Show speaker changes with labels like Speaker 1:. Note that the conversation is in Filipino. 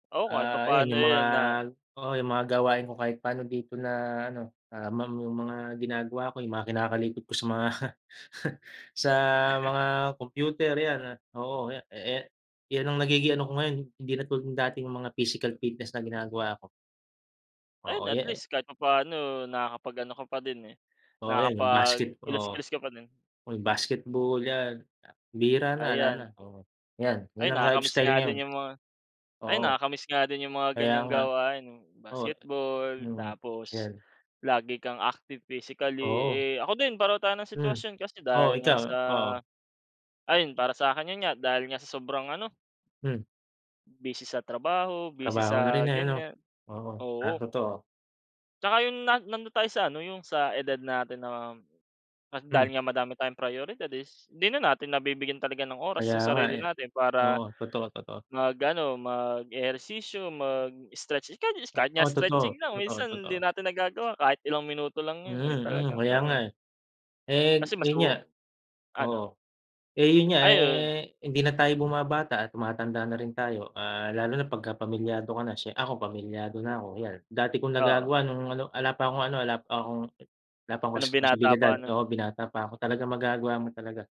Speaker 1: Oo, kahit
Speaker 2: Ah, ayan
Speaker 1: papaano,
Speaker 2: yung mga,
Speaker 1: eh, 'yun na.
Speaker 2: oo, yung mga gawain ko kahit paano dito na ano, ah, mamu mga ginagawa ko yung mga kinakalikot ko sa mga sa mga kompyuter, yan, oo, eh, eh, yan ang nagiging ano ko ngayon, hindi na tulad dating mga physical fitness na ginagawa ko.
Speaker 1: Ayun,
Speaker 2: Oo,
Speaker 1: at
Speaker 2: yan, eh.
Speaker 1: least kahit papaano nakakapag-ano ka pa din, eh,
Speaker 2: Oo, yan yung basket oo.
Speaker 1: nakapag-kilos-kilos ka pa din.
Speaker 2: O basketball yan, ah bihira na, 'ala na,
Speaker 1: Ayan.
Speaker 2: oo. Yan yan
Speaker 1: Ay,
Speaker 2: ang
Speaker 1: nakakamiss
Speaker 2: lifestyle
Speaker 1: nga
Speaker 2: ngayon.
Speaker 1: din yung mga ay
Speaker 2: Oo.
Speaker 1: nakakamiss nga din yung mga
Speaker 2: Kaya
Speaker 1: ganyang
Speaker 2: nga!
Speaker 1: gawain, eh,
Speaker 2: Oo, eh.
Speaker 1: basketball,
Speaker 2: Mm.
Speaker 1: tapos
Speaker 2: Yan.
Speaker 1: lagi kang active physically,
Speaker 2: Oo.
Speaker 1: eh. Ako din pareho tayo ng
Speaker 2: Hmm.
Speaker 1: sitwasyon. Kasi,
Speaker 2: Oo,
Speaker 1: dahil nga
Speaker 2: ikaw,
Speaker 1: sa
Speaker 2: oo.
Speaker 1: ayun para sa'kin, yun nga, dahil nga sa sobrang ano
Speaker 2: Hmm.
Speaker 1: Busy sa trabaho, busy
Speaker 2: Trabaho na
Speaker 1: sa
Speaker 2: rin, eh, ano?
Speaker 1: ganyan,
Speaker 2: Oo, ah,
Speaker 1: oo.
Speaker 2: totoo.
Speaker 1: Tsaka, yung na nandon tayo sa ano yung sa edad natin na dahil
Speaker 2: Hmm.
Speaker 1: nga madami tayong prioridad is 'di na natin nabibigyan talaga ng oras
Speaker 2: Kaya
Speaker 1: yung
Speaker 2: nga,
Speaker 1: sarili
Speaker 2: eh.
Speaker 1: natin
Speaker 2: Oo,
Speaker 1: para
Speaker 2: totoo, totoo.
Speaker 1: mag-ano mag-ehersisyo, mag-stretch uh, kahit nga
Speaker 2: Oh,
Speaker 1: stretching
Speaker 2: totoo,
Speaker 1: lang
Speaker 2: totoo,
Speaker 1: minsan hindi
Speaker 2: totoo.
Speaker 1: natin nagagawa kahit ilang minuto lang yun, eh.
Speaker 2: Mm, mm,
Speaker 1: Talagang
Speaker 2: kaya nga,
Speaker 1: ano, eh
Speaker 2: eh. Eh,
Speaker 1: Kasi, mas
Speaker 2: yun nga.
Speaker 1: uu
Speaker 2: Oo,
Speaker 1: ano?
Speaker 2: eh, yun nga,
Speaker 1: Ayun.
Speaker 2: eh, hindi na tayo bumabata at tumatanda na rin tayo. Ah, lalo na 'pagkapamilyado ka na. Siye ako pamilyado na ako. Ayan, dati kong
Speaker 1: Oo.
Speaker 2: nagagawa nung ano, 'ala pa akong ano ala pa akong, wala pa
Speaker 1: Ah,
Speaker 2: akong
Speaker 1: no'ng binata
Speaker 2: responsibilidad.
Speaker 1: pa, ano?
Speaker 2: Oo, binata pa ako, talagang magagawa mo talaga.